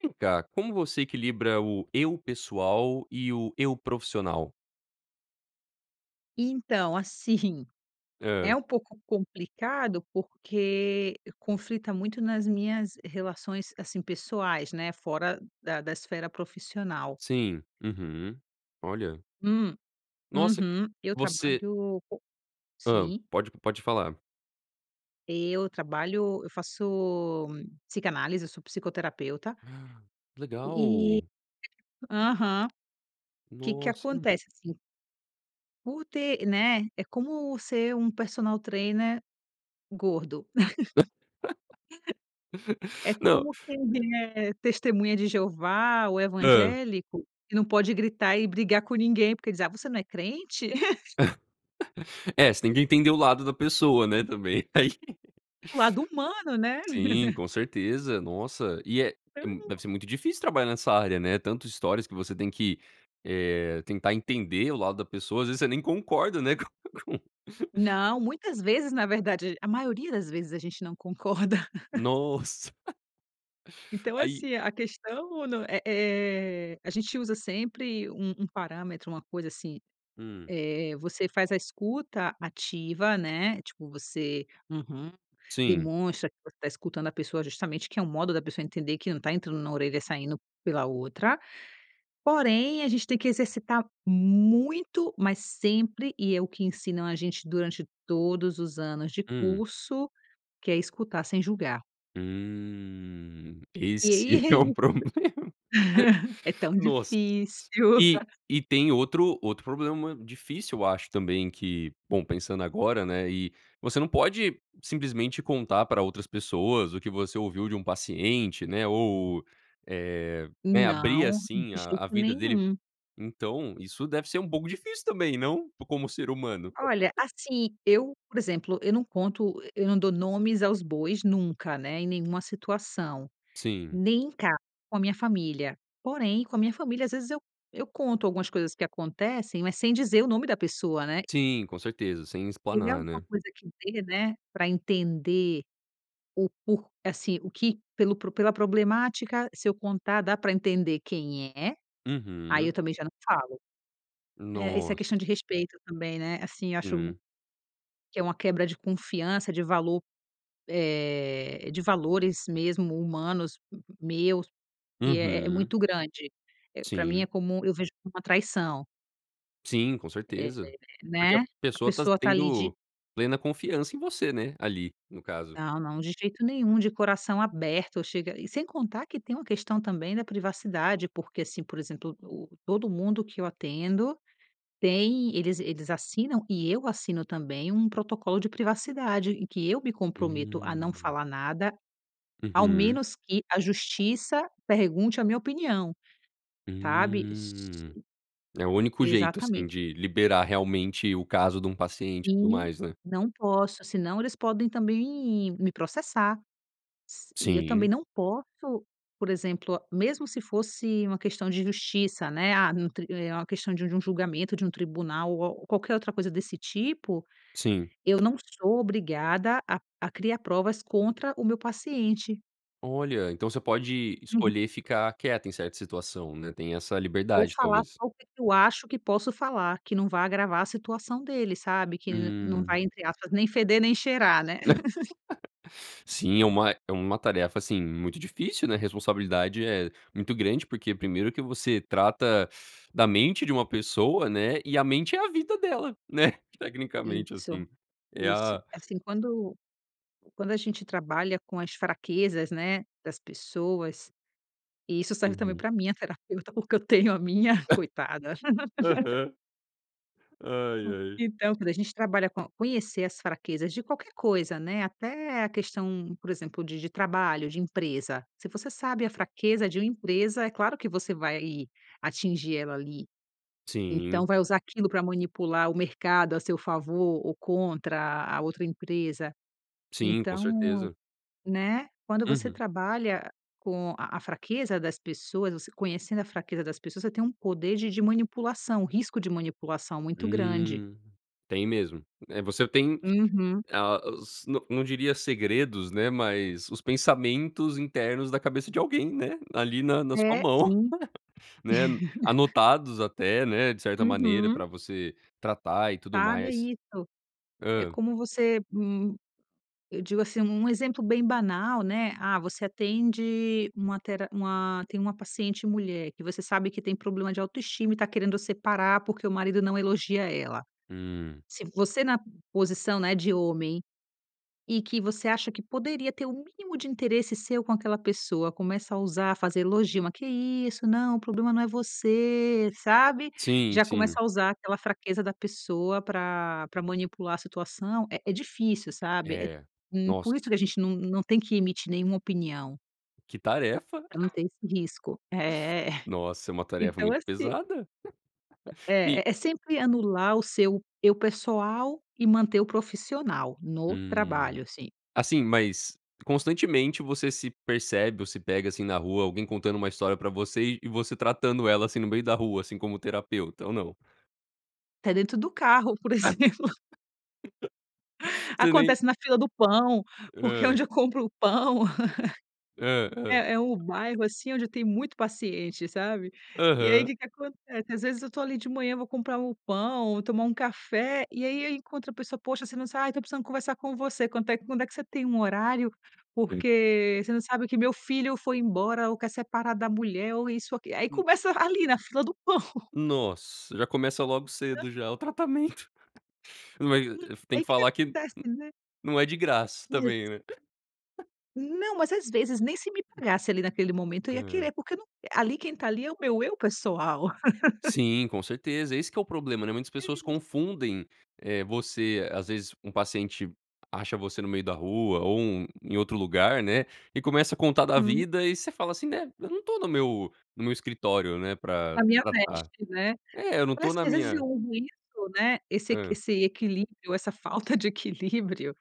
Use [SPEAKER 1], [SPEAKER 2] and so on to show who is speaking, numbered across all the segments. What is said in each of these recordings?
[SPEAKER 1] Vem cá, como você equilibra o "eu pessoal" e o "eu profissional"?
[SPEAKER 2] Então, assim, é
[SPEAKER 1] Hã.
[SPEAKER 2] um pouco complicado, porque conflita muito nas minhas relações, assim, pessoais, né, fora da da esfera profissional.
[SPEAKER 1] Sim. Uhum. Olha.
[SPEAKER 2] Hum,
[SPEAKER 1] Nossa,
[SPEAKER 2] uhum, eu
[SPEAKER 1] você
[SPEAKER 2] trabalho com
[SPEAKER 1] Hã,
[SPEAKER 2] sim
[SPEAKER 1] pode pode falar.
[SPEAKER 2] Eu trabalho eu faço psicanálise, eu sou psicoterapeuta...
[SPEAKER 1] Ah,
[SPEAKER 2] e
[SPEAKER 1] legal!
[SPEAKER 2] aham que que
[SPEAKER 1] Nossa!
[SPEAKER 2] acontece assim por ter né, é como ser um personal trainer gordo. É
[SPEAKER 1] Não
[SPEAKER 2] como quem é testemunha de Jeová ou
[SPEAKER 1] Hã.
[SPEAKER 2] evangélico que não pode gritar e brigar com ninguém, porque diz: "Ah, você não é crente?".
[SPEAKER 1] É, você tem que entender o lado da pessoa, né, também aí.
[SPEAKER 2] O lado humano, né.
[SPEAKER 1] Sim, com certeza, nossa, e é é m
[SPEAKER 2] Então!
[SPEAKER 1] deve ser muito difícil trabalhar nessa área, né, tanto histórias que você tem que, eh, tentar entender o lado da pessoa, às vezes você nem concorda, né, com com
[SPEAKER 2] Não, muitas vezes, na verdade, a ge a maioria das vezes a gente não concorda.
[SPEAKER 1] Nossa!
[SPEAKER 2] Então, é
[SPEAKER 1] Aí
[SPEAKER 2] assim, a questão não é é, a gente usa sempre um um parâmetro, uma coisa assim,
[SPEAKER 1] Hum.
[SPEAKER 2] eh, você faz a escuta ativa, né, tipo você: "Uhum",
[SPEAKER 1] Sim.
[SPEAKER 2] demonstra que você tá escutando a pessoa justamente que é o modo da pessoa entender que não tá entrando na orelha, saindo pela outra. Porém, a gente tem que exercitar muito, mas sempre e é o que ensinam a gente durante todos os anos de
[SPEAKER 1] Hum.
[SPEAKER 2] curso, que é escutar sem julgar.
[SPEAKER 1] Hum,
[SPEAKER 2] E
[SPEAKER 1] esse
[SPEAKER 2] aí é
[SPEAKER 1] é o
[SPEAKER 2] i
[SPEAKER 1] problema,
[SPEAKER 2] é tão
[SPEAKER 1] nossa,
[SPEAKER 2] difícil.
[SPEAKER 1] e e tem outro outro problema difícil eu acho também que, bom, pensando agora, né, e você não pode simplesmente contar pra outras pessoas o que você ouviu de um paciente, né, ou, eh, né, abrir
[SPEAKER 2] Não, de
[SPEAKER 1] assim a
[SPEAKER 2] jeito
[SPEAKER 1] a vida dele,
[SPEAKER 2] nenhum.
[SPEAKER 1] então isso deve ser um pouco difícil também, não? Como ser humano.
[SPEAKER 2] Olha, assim, eu, por exemplo, eu não conto, e eu não dou nomes aos bois nunca, né, em nenhuma situação,
[SPEAKER 1] Sim.
[SPEAKER 2] nem em casa com a minha família. Porém, com a minha família, às vezes eu eu conto algumas coisas que acontecem, mas sem dizer o nome da pessoa, né?
[SPEAKER 1] Sim, com certeza, sem
[SPEAKER 2] Teria
[SPEAKER 1] explanar,
[SPEAKER 2] alguma
[SPEAKER 1] né?
[SPEAKER 2] coisa que dê, né, pra entender o por assim, o que pelo pro pela problemática, se eu contar, dá para entender quem é, aí eu
[SPEAKER 1] Uhum.
[SPEAKER 2] também já não falo. Eh, isso é
[SPEAKER 1] Nossa.
[SPEAKER 2] questão de respeito também, né, assim, eu acho
[SPEAKER 1] Sim.
[SPEAKER 2] que é uma quebra de confiança, de valor, eh, de valores mesmo humanos meus que é é
[SPEAKER 1] Uhum.
[SPEAKER 2] muito grande, eh, pra mim, é
[SPEAKER 1] Sim.
[SPEAKER 2] como eu vejo como uma traição.
[SPEAKER 1] Sim, com
[SPEAKER 2] É,
[SPEAKER 1] certeza, porque
[SPEAKER 2] né,
[SPEAKER 1] a
[SPEAKER 2] a
[SPEAKER 1] pessoa tá
[SPEAKER 2] pessoa tá ali
[SPEAKER 1] tendo
[SPEAKER 2] de
[SPEAKER 1] plena confiança em você, né ali no caso.
[SPEAKER 2] Não, não, de jeito nenhum, de coração aberto. Eu chega e sem contar que tem uma questão também da privacidade, porque assim, por exemplo, o todo mundo que eu atendo tem eles eles assinam e eu assino também um protocolo de privacidade em que eu me comprometo a não
[SPEAKER 1] Hum.
[SPEAKER 2] falar nada, ao
[SPEAKER 1] Uhum.
[SPEAKER 2] menos que a Justiça pergunte a minha opinião, sabe. S
[SPEAKER 1] Hum, é o único jeito, assim,
[SPEAKER 2] exatamente.
[SPEAKER 1] de liberar realmente o caso de um paciente e tudo
[SPEAKER 2] E
[SPEAKER 1] mais, né.
[SPEAKER 2] não posso, se não eles podem também me processar s e eu também
[SPEAKER 1] Sim.
[SPEAKER 2] não posso, por exemplo, mesmo se fosse uma questão de justiça, né. Ah, no tri é uma questão de um um julgamento, de um tribunal ou a ou qualquer outra coisa desse tipo,
[SPEAKER 1] Sim.
[SPEAKER 2] eu não sou obrigada a-a criar provas contra o meu paciente.
[SPEAKER 1] Olha, então você pode
[SPEAKER 2] Uhum.
[SPEAKER 1] escolher ficar quieta em certa situação, né. Tem essa
[SPEAKER 2] Ou
[SPEAKER 1] liberdade,
[SPEAKER 2] falar
[SPEAKER 1] talvez.
[SPEAKER 2] só o que que eu acho que posso falar, que não vai agravar a situação dele, sabe, que el não
[SPEAKER 1] Hum.
[SPEAKER 2] vai, entre aspas, nem feder nem cheirar, né.
[SPEAKER 1] Sim, é uma é uma tarefa, assim, muito difícil, né. A responsabilidade é muito grande, porque primeiro que você trata da mente de uma pessoa, né. E a mente é a vida dela, né. Tecnicamente,
[SPEAKER 2] Isso
[SPEAKER 1] assim, é
[SPEAKER 2] isso.
[SPEAKER 1] a
[SPEAKER 2] É assim, quando quando a gente trabalha com as fraquezas, né, das pessoas, e isso serve também
[SPEAKER 1] Uhum.
[SPEAKER 2] pra minha terapeuta, porque eu tenho a minha. Coitada.
[SPEAKER 1] Aham. Ai,
[SPEAKER 2] Hum,
[SPEAKER 1] ai.
[SPEAKER 2] então, quando a gente trabalha com conhecer as fraquezas de qualquer coisa, né. Até a questão, por exemplo, de de trabalho, de empresa. Se você sabe a fraqueza de uma empresa, é claro que você vai atingir ela ali.
[SPEAKER 1] Sim.
[SPEAKER 2] Então, vai usar aquilo pra manipular o mercado a seu favor ou contra a outra empresa.
[SPEAKER 1] Sim, com
[SPEAKER 2] Então,
[SPEAKER 1] certeza.
[SPEAKER 2] né, quando você
[SPEAKER 1] Uhum.
[SPEAKER 2] trabalha com a a fraqueza das pessoas, você conhecendo a fraqueza das pessoas, você tem um poder de de manipulação, um risco de manipulação muito grande.
[SPEAKER 1] Hum, tem mesmo. Eh, você tem
[SPEAKER 2] Uhum.
[SPEAKER 1] a os n não diria segredos, né, mas os pensamentos internos da cabeça de alguém, né, ali na na sua
[SPEAKER 2] É,
[SPEAKER 1] mão,
[SPEAKER 2] sim.
[SPEAKER 1] né, anotados até, né, de certa maneira
[SPEAKER 2] Uhum.
[SPEAKER 1] pra você tratar e tudo
[SPEAKER 2] Sabe, é
[SPEAKER 1] mais.
[SPEAKER 2] isso, é
[SPEAKER 1] Hã.
[SPEAKER 2] como você m eu digo, assim, um exemplo bem banal, né. Ah, você atende uma tera uma tem uma paciente mulher que você sabe que tem problema de autoestima e tá querendo separar, porque o marido não elogia ela.
[SPEAKER 1] Hum.
[SPEAKER 2] Se você na posição, né, de homem e que você acha que poderia ter o mínimo de interesse seu com aquela pessoa, começa a usar fazer elogio. "Mas que é isso? Não. O problema não é você", sabe,
[SPEAKER 1] Sim,
[SPEAKER 2] já começa
[SPEAKER 1] sim.
[SPEAKER 2] a usar aquela fraqueza da pessoa pra pra manipular a situação, é é difícil, sabe. Eh,
[SPEAKER 1] É,
[SPEAKER 2] hum,
[SPEAKER 1] nossa!
[SPEAKER 2] por isso que a gente não não tem que emitir nenhuma opinião.
[SPEAKER 1] Que tarefa.
[SPEAKER 2] Pra não ter esse risco. É.
[SPEAKER 1] Nossa, é uma tarefa
[SPEAKER 2] Então,
[SPEAKER 1] muito
[SPEAKER 2] assim
[SPEAKER 1] pesada.
[SPEAKER 2] Hã.
[SPEAKER 1] E
[SPEAKER 2] É é sempre anular o seu eu pessoal e manter o profissional no
[SPEAKER 1] Hum.
[SPEAKER 2] trabalho, assim.
[SPEAKER 1] Assim, mas constantemente você se percebe ou se pega assim na rua, alguém contando uma história pra você e você tratando ela assim, no meio da rua, assim, como terapeuta? Ou não?
[SPEAKER 2] Até dentro do carro, por exemplo.
[SPEAKER 1] Você nem
[SPEAKER 2] Acontece na fila do pão, porque
[SPEAKER 1] Hã.
[SPEAKER 2] onde eu compro o pão
[SPEAKER 1] Hã, hã.
[SPEAKER 2] É, é um bairro assim onde eu tenho muito paciente, sabe. E aí o
[SPEAKER 1] Aham.
[SPEAKER 2] que que acontece? Às vezes, eu tô ali de manhã, vou comprar um pão, tomar um café e aí eu encontro a pessoa. "Poxa, você não sabe ah, estou precisando conversar com você. Quanto é que quando é que você tem um horário,
[SPEAKER 1] [unintelligible]
[SPEAKER 2] porque você não sabe que meu filho foi embora ou quer separar da mulher ou isso aquil". Aí
[SPEAKER 1] Hum.
[SPEAKER 2] começa a ali, na fila do pão.
[SPEAKER 1] Nossa. Já começa logo
[SPEAKER 2] Pra
[SPEAKER 1] cedo já o tratamento Ma eh,
[SPEAKER 2] Uhum.
[SPEAKER 1] tem
[SPEAKER 2] Aí
[SPEAKER 1] que
[SPEAKER 2] que que
[SPEAKER 1] falar que n
[SPEAKER 2] acontece, né?
[SPEAKER 1] nu não é de graça também,
[SPEAKER 2] [unintelligible]
[SPEAKER 1] né?
[SPEAKER 2] Não, mas, às vezes, nem se me pagasse ali naquele momento eu ia
[SPEAKER 1] Hã.
[SPEAKER 2] querer porque não q ali, quem tá ali, é o meu eu pessoal.
[SPEAKER 1] Sim, com certeza. Esse que é o problema, né. Muitas pessoas
[SPEAKER 2] E
[SPEAKER 1] confundem, eh, você, às vezes, um paciente acha você no meio da rua ou um em outro lugar, né, e começa a contar da
[SPEAKER 2] Uhum.
[SPEAKER 1] vida e você fala assim, né: "Eu não tô no meu no meu escritório, né, pra
[SPEAKER 2] A minha
[SPEAKER 1] tratar“.
[SPEAKER 2] veste, né.
[SPEAKER 1] É. Eu não tô
[SPEAKER 2] Parece
[SPEAKER 1] na
[SPEAKER 2] que, às vezes, eu
[SPEAKER 1] minha
[SPEAKER 2] uso isso, né. Esse equi
[SPEAKER 1] Hã.
[SPEAKER 2] esse equilíbrio, essa falta de equilíbrio,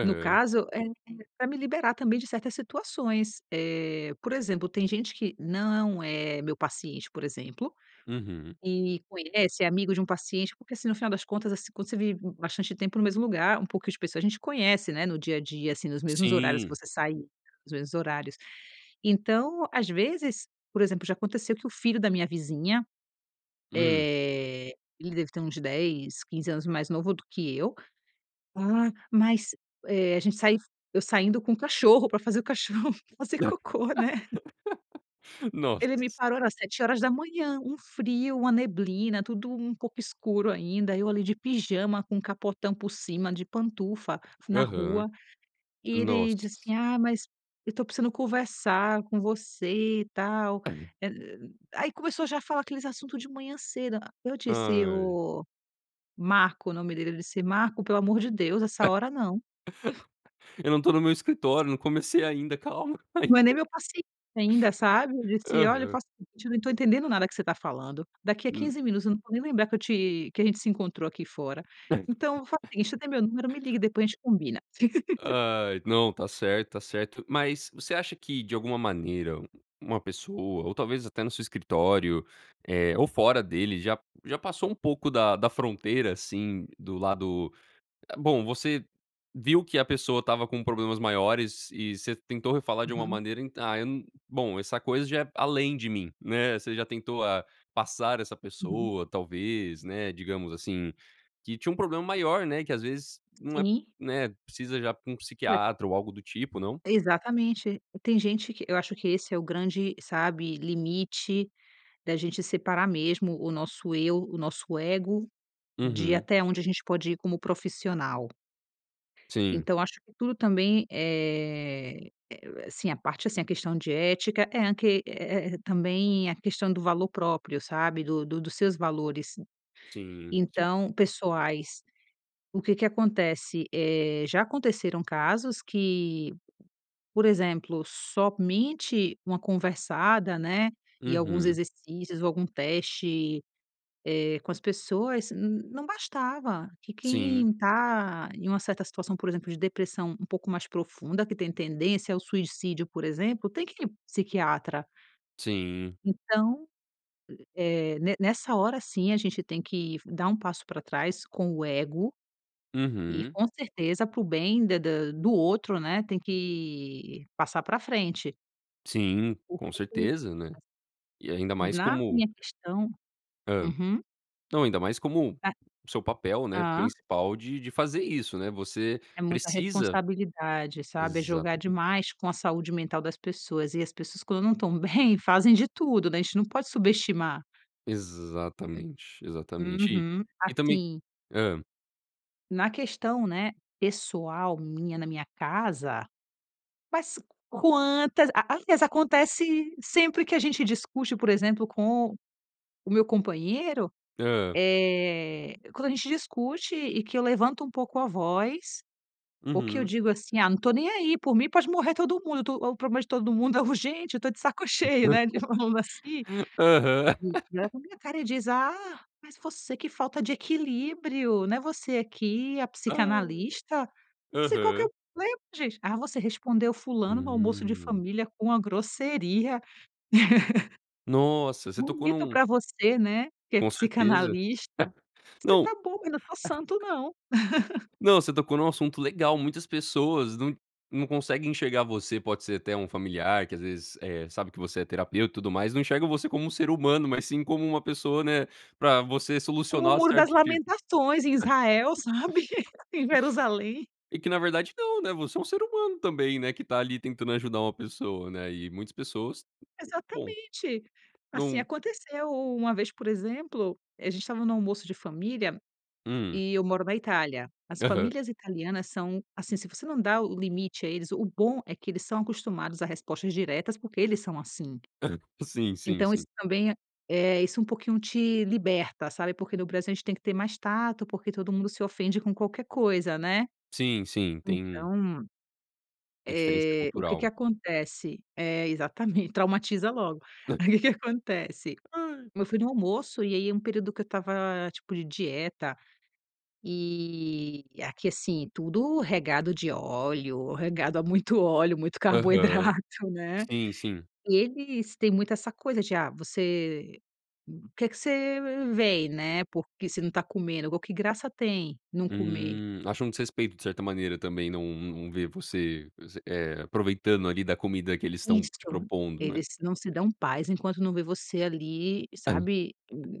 [SPEAKER 2] no caso, é é pra me liberar também de certas situações. Eh, por exemplo, tem gente que não é meu paciente, por exemplo,
[SPEAKER 1] Uhum.
[SPEAKER 2] e conhece, é amigo de um paciente, porque, assim, no final das contas, assim, quando você vive b bastante tempo no mesmo lugar, um pouco as pessoas, a gente conhece, né. No dia a dia, assim, nos mesmos horários, que
[SPEAKER 1] Sim.
[SPEAKER 2] você sair. Nos mesmos horários. Então, às vezes, por exemplo, já aconteceu que o filho da minha vizinha,
[SPEAKER 1] Hum.
[SPEAKER 2] eh, ele deve ter uns 10, 15 anos mais novo do que eu. "Ah, mas" eh, a gente sain eu saindo com o cachorro pra fazer o cachorro fazer cocô, né?
[SPEAKER 1] Nossa.
[SPEAKER 2] Ele me parou era 7h. Um frio, uma neblina, tudo um pouco escuro ainda. Eu ali de pijama, com um capotão por cima, de pantufa na
[SPEAKER 1] Aham.
[SPEAKER 2] rua e ele disse
[SPEAKER 1] Nossa.
[SPEAKER 2] assim: "Ah, mas eu tô precisando conversar com você e tal
[SPEAKER 1] [unintelligible]
[SPEAKER 2] eh aí começou já a falar aqueles assuntos de manhã cedo. A eu disse:
[SPEAKER 1] Ai.
[SPEAKER 2] "Oh Marco", o nome dele, eu disse: "Marco, pelo amor de Deus, essa hora não".
[SPEAKER 1] "Eu não tô no meu escritório. Não comecei ainda. Calma. Ainda".
[SPEAKER 2] Não é nem meu paciente ainda, sabe. Eu disse: "Olha,
[SPEAKER 1] Aham.
[SPEAKER 2] faça o seguinte, eu não tô entendendo nada que você tá falando. Daqui a
[SPEAKER 1] Hum.
[SPEAKER 2] 15 minutos eu não vou nem lembrar que eu te que a gente se encontrou aqui fora. Então, faz o
[SPEAKER 1] [unintelligible]
[SPEAKER 2] seguinte: você tem meu número, me liga e depois a gente combina".
[SPEAKER 1] Ai. Não, tá certo, tá certo. Mas, você acha que de alguma maneira, u uma pessoa ou talvez até no seu escritório, eh, ou fora dele, já já passou um pouco da da fronteira assim do lado, hã bom, você viu que a pessoa estava com problemas maiores e você tentou re falar de uma
[SPEAKER 2] Uhum.
[SPEAKER 1] maneira, "Ent ah, eu num bom, essa coisa já é além de mim", né. Você já tentou a passar essa
[SPEAKER 2] Uhum.
[SPEAKER 1] pessoa, talvez, né, digamos, assim. Que tinha um problema maior, né, que, às vezes, não é
[SPEAKER 2] Sim.
[SPEAKER 1] né, precisa já pra um
[SPEAKER 2] Olha...
[SPEAKER 1] psiquiatra ou algo do tipo, não?
[SPEAKER 2] Exatamente. Tem gente que eu acho que esse é o grande, sabe, limite da gente separar mesmo o nosso eu, o nosso ego de
[SPEAKER 1] Uhum.
[SPEAKER 2] até onde a gente pode ir como profissional.
[SPEAKER 1] Sim.
[SPEAKER 2] Então, eu acho que tudo também, eh eh, assim, a parte assim, a questão de ética é a que é é é também a questão do valor próprio, sabe do do dos seus valores,
[SPEAKER 1] Sim, sim.
[SPEAKER 2] então pessoais. O que que acontece? Eh, já aconteceram casos que, por exemplo, somente uma conversada, né, e alguns
[SPEAKER 1] Uhum.
[SPEAKER 2] exercícios ou algum teste, eh, com as pessoas, n não bastava que
[SPEAKER 1] Sim.
[SPEAKER 2] quem tá em uma certa situação, por exemplo, de depressão um pouco mais profunda, que tem tendência ao suicídio, por exemplo, tem que ir num psiquiatra.
[SPEAKER 1] Sim.
[SPEAKER 2] Então, eh, ne nessa hora, sim, a gente tem que dar um passo pra trás com o ego. E
[SPEAKER 1] Uhum.
[SPEAKER 2] com certeza para o bem da da do outro, né, tem que passar pra frente.
[SPEAKER 1] Sim, com certeza, né?
[SPEAKER 2] [unintelligible]
[SPEAKER 1] E ainda mais
[SPEAKER 2] Na
[SPEAKER 1] como
[SPEAKER 2] minha questão
[SPEAKER 1] Hã.
[SPEAKER 2] uhum.
[SPEAKER 1] Não, ainda mais como,
[SPEAKER 2] Ah.
[SPEAKER 1] o seu papel, né,
[SPEAKER 2] Ah.
[SPEAKER 1] principal de de fazer isso, né, você
[SPEAKER 2] É muita
[SPEAKER 1] precisa.
[SPEAKER 2] responsabilidade, sabe, é jogar
[SPEAKER 1] Exatamente.
[SPEAKER 2] demais com a saúde mental das pessoas e as pessoas, quando não estão bem, fazem de tudo, né, a gente não pode subestimar.
[SPEAKER 1] Exatamente, exatamente, e
[SPEAKER 2] Uhum,
[SPEAKER 1] e também
[SPEAKER 2] assim
[SPEAKER 1] hã.
[SPEAKER 2] na questão, né, pessoal minha, na minha casa, mas quantas a alias, acontece sempre que a gente discute, por exemplo, com o meu companheiro,
[SPEAKER 1] Hã.
[SPEAKER 2] eh, quando a gente discute e que eu levanto um pouco a voz, ou que eu
[SPEAKER 1] Uhum.
[SPEAKER 2] digo assim: "Ah, não tô nem aí, por mim pode morrer todo mundo, eu tô o problema de todo mundo é urgente, eu tô de saco cheio", né, de falando assim.
[SPEAKER 1] Aham.
[SPEAKER 2] [unintelligible] E olha pra minha cara e diz: "Ah, mas você, que falta de equilíbrio, né, você que é a
[SPEAKER 1] Ai.
[SPEAKER 2] psicanalista?". Você qual que é
[SPEAKER 1] Aham.
[SPEAKER 2] né, gente, "ah, você respondeu o fulano no almoço de
[SPEAKER 1] Hum.
[SPEAKER 2] família com a grosseria".
[SPEAKER 1] Nossa. Você tocou
[SPEAKER 2] "Bonito
[SPEAKER 1] num
[SPEAKER 2] pra você, né, que é
[SPEAKER 1] Com certeza.
[SPEAKER 2] psicanalista". Você tá
[SPEAKER 1] Não,
[SPEAKER 2] bom, eu não tô santo, não.
[SPEAKER 1] não, você tocou num assunto legal, muitas pessoas não não conseguem enxergar você, pode ser até um familiar que às vezes, eh, sabe que você é terapeuta e tudo mais, não enxerga você como um ser humano, mas sim como uma pessoa, né, pra você
[SPEAKER 2] Como o
[SPEAKER 1] solucionar
[SPEAKER 2] "Muro das
[SPEAKER 1] certo tipo.
[SPEAKER 2] Lamentações" em Israel, sabe, em Jerusalém.
[SPEAKER 1] E que na verdade não, né, você é um ser humano também, né, que tá ali tentando ajudar uma pessoa, né, e muitas pessoas bom.
[SPEAKER 2] Exatamente. Assim,
[SPEAKER 1] Num
[SPEAKER 2] aconteceu u uma vez, por exemplo, a gente estava no almoço de família
[SPEAKER 1] Hum.
[SPEAKER 2] e eu moro na Itália. As
[SPEAKER 1] Aham.
[SPEAKER 2] famílias italianas são assim, se você não dá o o limite a eles o bom é que eles são acostumados a respostas diretas, porque eles são assim.
[SPEAKER 1] Hã. Sim, sim,
[SPEAKER 2] Então
[SPEAKER 1] sim.
[SPEAKER 2] isso também é, isso um pouquinho te liberta, sabe, porque no Brasil a gente tem que ter mais tato, porque todo mundo se ofende com qualquer coisa, né?
[SPEAKER 1] Sim, sim, tem
[SPEAKER 2] Então,
[SPEAKER 1] a diferença
[SPEAKER 2] eh, o que que
[SPEAKER 1] cultural.
[SPEAKER 2] acontece é, exatamente, traumatiza logo.
[SPEAKER 1] Né?
[SPEAKER 2] Aí o que que acontece,
[SPEAKER 1] Ai.
[SPEAKER 2] eu fui no almoço e aí é um período que eu estava tipo de dieta e aqui, assim, tudo regado de óleo, regado a muito óleo, muito
[SPEAKER 1] Aham.
[SPEAKER 2] carboidrato, né.
[SPEAKER 1] Sim, sim.
[SPEAKER 2] Eles têm muito essa coisa de "ah, você que que você vem? Né, porque você não tá comendo, igual, que graça tem não comer?".
[SPEAKER 1] Hum, acham um desrespeito, de certa maneira, também não não ver você você, eh, aproveitando ali da comida que eles estão
[SPEAKER 2] Isso.
[SPEAKER 1] te propondo, né?
[SPEAKER 2] Eles não se dão paz enquanto não vê você ali,
[SPEAKER 1] Hã.
[SPEAKER 2] sabe, hum,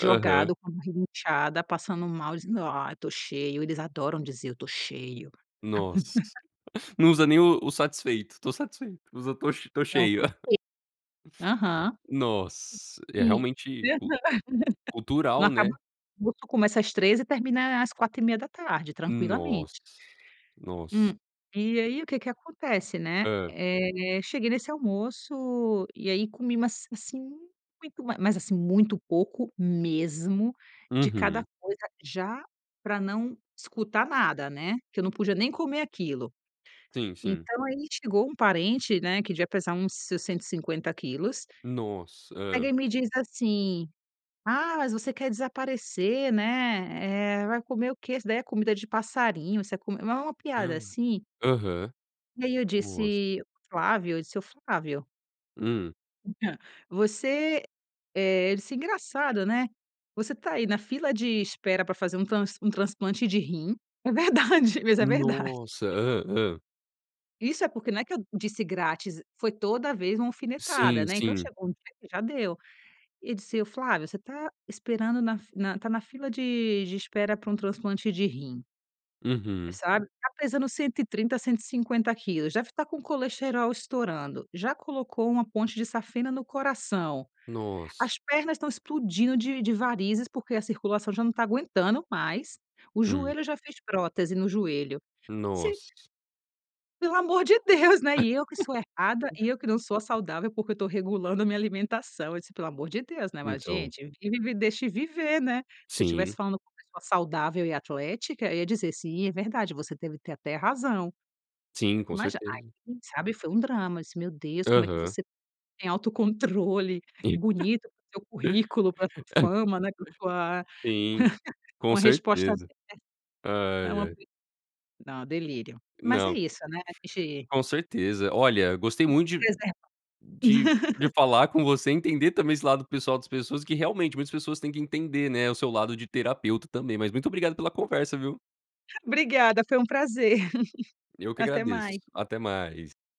[SPEAKER 1] Aham.
[SPEAKER 2] com a barriga inchada, passando mal, dizendo: "Ai, tô cheio". Eles adoram dizer "eu tô cheio".
[SPEAKER 1] Nossa. Não usa nem o o "satisfeito"? "Tô satisfeito". Usa "tô ch tô
[SPEAKER 2] Não,
[SPEAKER 1] cheio".
[SPEAKER 2] muito fe aham.
[SPEAKER 1] Nossa, é
[SPEAKER 2] Sim.
[SPEAKER 1] realmente
[SPEAKER 2] E aham.
[SPEAKER 1] cul
[SPEAKER 2] Não
[SPEAKER 1] cultural, né?
[SPEAKER 2] acaba [unintelligible] começa às 15:00 e termina à às 16:30,
[SPEAKER 1] Nossa,
[SPEAKER 2] tranquilamente.
[SPEAKER 1] nossa.
[SPEAKER 2] Hum, e
[SPEAKER 1] E
[SPEAKER 2] aí o que que acontece, né?
[SPEAKER 1] Hã.
[SPEAKER 2] Eh, cheguei nesse almoço e aí comi, mas, assim, muito ma mas assim muito pouco mesmo de cada
[SPEAKER 1] Uhum.
[SPEAKER 2] coisa, já pra não escutar nada, né? Que eu não podia nem comer aquilo.
[SPEAKER 1] Sim, sim.
[SPEAKER 2] Então aí chegou um parente, né, que devia pesar uns seus 150 quilos,
[SPEAKER 1] Nossa,
[SPEAKER 2] pega
[SPEAKER 1] hã.
[SPEAKER 2] e me diz assim: "Ah, mas você quer desaparecer, né? Eh, vai comer o quê? Isso daí é comida de passarinho, você é com", mas é uma piada assim
[SPEAKER 1] Aham.
[SPEAKER 2] e aí eu
[SPEAKER 1] Nossa.
[SPEAKER 2] disse: "Flávio", eu disse: "O Flávio"
[SPEAKER 1] Hum.
[SPEAKER 2] [unintelligible] "Você eh, isso é engraçado, né, você tá aí na fila de espera pra fazer um trans um transplante de rim", é verdade, mas é verdade.
[SPEAKER 1] Nossa, hã, hã.
[SPEAKER 2] Isso é porque não é que eu disse: "grátis", foi toda vez uma alfinetada,
[SPEAKER 1] Sim,
[SPEAKER 2] né, então
[SPEAKER 1] sim.
[SPEAKER 2] chegou um dia que já deu e disse: "Flávio, você tá esperando na fi na tá na fila de de espera pra um transplante de rim".
[SPEAKER 1] Uhum.
[SPEAKER 2] "Sabe? Tá pesando 130, 150 quilos, deve tá com o colesterol estourando, já colocou uma ponte de safena no coração,
[SPEAKER 1] Nossa.
[SPEAKER 2] as pernas estão explodindo de de varizes, porque a circulação já não tá aguentando mais, o
[SPEAKER 1] Hum.
[SPEAKER 2] joelho, já fez prótese no joelho se",
[SPEAKER 1] Nossa.
[SPEAKER 2] "pelo o amor de Deus, né. E eu que sou a errada? E eu que não sou a saudável? Porque eu tô regulando a minha alimentação". Eu disse: "Pelo amor de Deus, né?", mas
[SPEAKER 1] Então.
[SPEAKER 2] gente, vive e me deixe viver, né? Se eu tivesse
[SPEAKER 1] Sim.
[SPEAKER 2] falando com uma pessoa saudável e atlética, eu ia dizer: "Sim, é verdade, você deve ter até razão".
[SPEAKER 1] Sim, com
[SPEAKER 2] Mas aí,
[SPEAKER 1] certeza.
[SPEAKER 2] hum, sabe, foi um drama, eu disse: "Meu Deus, como é que
[SPEAKER 1] Aham.
[SPEAKER 2] você tem autocontrole
[SPEAKER 1] [unintelligible]
[SPEAKER 2] bonito para o seu currículo, para a sua fama, né, pra sua
[SPEAKER 1] Sim, com
[SPEAKER 2] uma resposta
[SPEAKER 1] certeza.
[SPEAKER 2] de" é
[SPEAKER 1] Ai
[SPEAKER 2] uma
[SPEAKER 1] ai.
[SPEAKER 2] não, é delírio, mas é
[SPEAKER 1] Não.
[SPEAKER 2] isso, né, ge
[SPEAKER 1] Com certeza, olha, gostei
[SPEAKER 2] Tem que
[SPEAKER 1] muito
[SPEAKER 2] se
[SPEAKER 1] de
[SPEAKER 2] preservar.
[SPEAKER 1] de de falar com você e entender também esse lado pessoal das pessoas que, realmente, muitas pessoas tem que entender, né, o seu lado de terapeuta também, mas muito obrigado pela conversa, viu?
[SPEAKER 2] Obrigada, foi um prazer,
[SPEAKER 1] Eu que
[SPEAKER 2] até
[SPEAKER 1] agradeço,
[SPEAKER 2] mais.
[SPEAKER 1] até mais.